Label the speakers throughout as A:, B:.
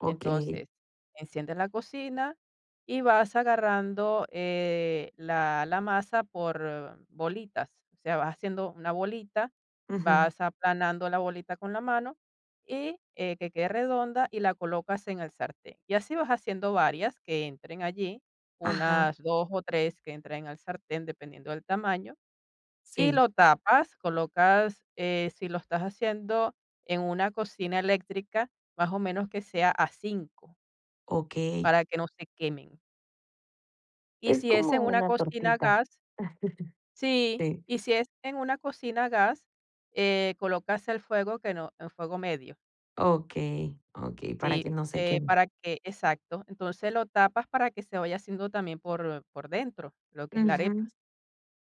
A: Okey.
B: Entonces, enciendes la cocina y vas agarrando, eh, la la masa por bolitas, o sea, vas haciendo una bolita,
A: Ujú.
B: vas aplanando la bolita con la mano y, eh, que quede redonda y la colocas en el sartén. Y así vas haciendo varias que entren allí,
A: Ajá.
B: unas 2 o 3 que entren en el sartén, dependiendo del tamaño, y
A: Sí.
B: lo tapas, colocas, eh, si lo estás haciendo en una cocina eléctrica, más o menos que sea a 5.
A: Okey.
B: Para que no se quemen. Y
A: Es
B: si es
A: como
B: en una
A: una
B: cocina a
A: tortita,
B: gas. Sí,
A: sí.
B: y si es en una cocina a gas, eh, colocas el fuego que no en fuego medio.
A: Okey, okey, para
B: Sí,
A: que no se
B: eh,
A: queme.
B: para que exacto. Entonces, lo tapas para que se vaya haciendo también por por dentro, lo que es la
A: Ujú.
B: arepa.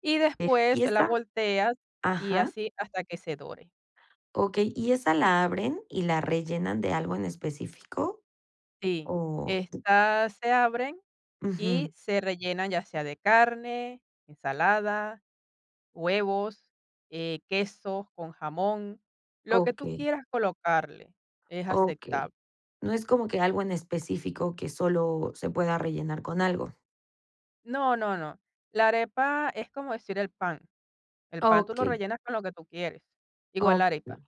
B: Y
A: Eh y
B: después la
A: esa
B: volteas y
A: ajá.
B: así, hasta que se dore.
A: Okey, ¿y esa la abren y la rellenan de algo en específico?
B: Sí,
A: Oh.
B: estas se abren y
A: Ujú.
B: se rellenan, ya sea de carne, ensalada, huevos, eh, queso con jamón, lo que tú
A: Okey.
B: quieras colocarle, es
A: Okey.
B: aceptable.
A: No es como que algo en específico, que solo se pueda rellenar con algo.
B: No, no, no, la arepa es como decir el pan. El pan tú lo
A: Okey.
B: rellenas con lo que tú quieres, igual la
A: Okey,
B: arepa.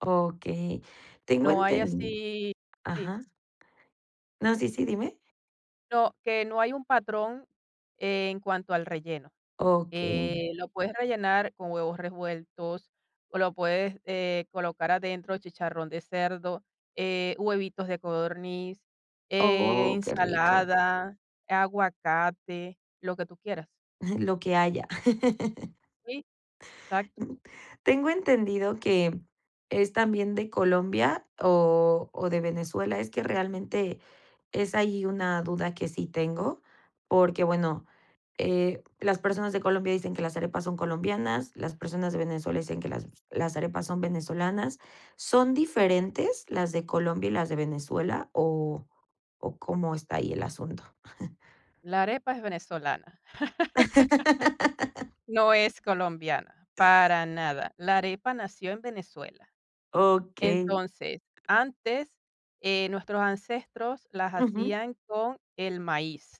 A: okey, tengo
B: No hay
A: entendido,
B: así sí.
A: ajá. No, sí, sí, dime.
B: No, que no hay un patrón en cuanto al relleno,
A: Okey.
B: que lo puedes rellenar con huevos revueltos o lo puedes, eh, colocar adentro, chicharrón de cerdo, eh, huevitos de codorniz, eh,
A: Oh, qué rico.
B: ensalada, aguacate, lo que tú quieras.
A: Lo que haya.
B: Sí, exacto.
A: Mm, tengo entendido que es también de Colombia o o de Venezuela. Es que realmente es ahí una duda que sí tengo, porque, bueno, eh, las personas de Colombia dicen que las arepas son colombianas, las personas de Venezuela dicen que las las arepas son venezolanas. ¿Son diferentes las de Colombia y las de Venezuela, o o cómo está ahí el asunto?
B: La arepa es venezolana, no es colombiana, para nada. La arepa nació en Venezuela.
A: Okey.
B: Entonces, antes, eh, nuestros ancestros las
A: Ujú.
B: hacían con el maíz.